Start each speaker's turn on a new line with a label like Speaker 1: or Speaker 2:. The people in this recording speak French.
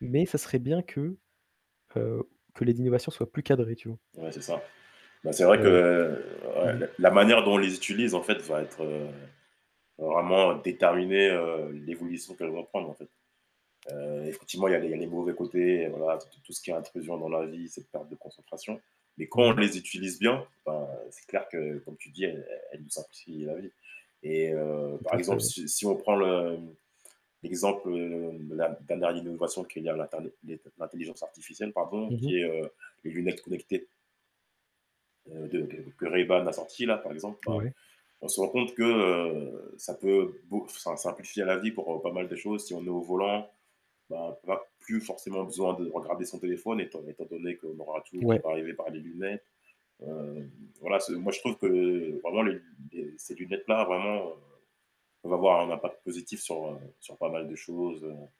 Speaker 1: Mais ça serait bien que, heu, que les innovations soient plus cadrées, tu vois?
Speaker 2: Ouais, c'est ça. Mais c'est vrai que,
Speaker 1: Heu, mmh
Speaker 2: ouias
Speaker 1: mh.
Speaker 2: la la manière dont on les utilise en fait va être vraiment déterminée, heu, l'évolution qu'elles vont prendre en fait. Heu, effectivement, il y a des il y a des mauvais côtés, voilà, tout tout ce qui est intrusion dans la vie, cette perte de concentration, mais quand
Speaker 1: Mmh
Speaker 2: on
Speaker 1: mh.
Speaker 2: les utilise bien, ben, c'est clair que comme tu dis, elles elles nous simplifient la vie et heu,
Speaker 1: Tout
Speaker 2: par
Speaker 1: à fait.
Speaker 2: exemple,
Speaker 1: Ouais.
Speaker 2: si si on prend le l'exemple de la dernière innovation qui est la ter les l'intelligence artificielle pardon
Speaker 1: Mmh mh.
Speaker 2: qui est, heu, les lunettes connectées de de que Ray Ban a sorti là par exemple. Ben
Speaker 1: Ouais.
Speaker 2: on se rend compte que ça peut beau enfin ça simplifie à la vie pour pas mal de choses si on est au volant, on va plus forcément besoin de regarder son téléphone étant étant donné qu'on aura tout qui
Speaker 1: Ouais.
Speaker 2: peut arriver par les lunettes. Heu voilà, c'est, moi je trouve que vraiment les ces lunettes là vraiment, va voir un impact positif sur sur pas mal de choses, heu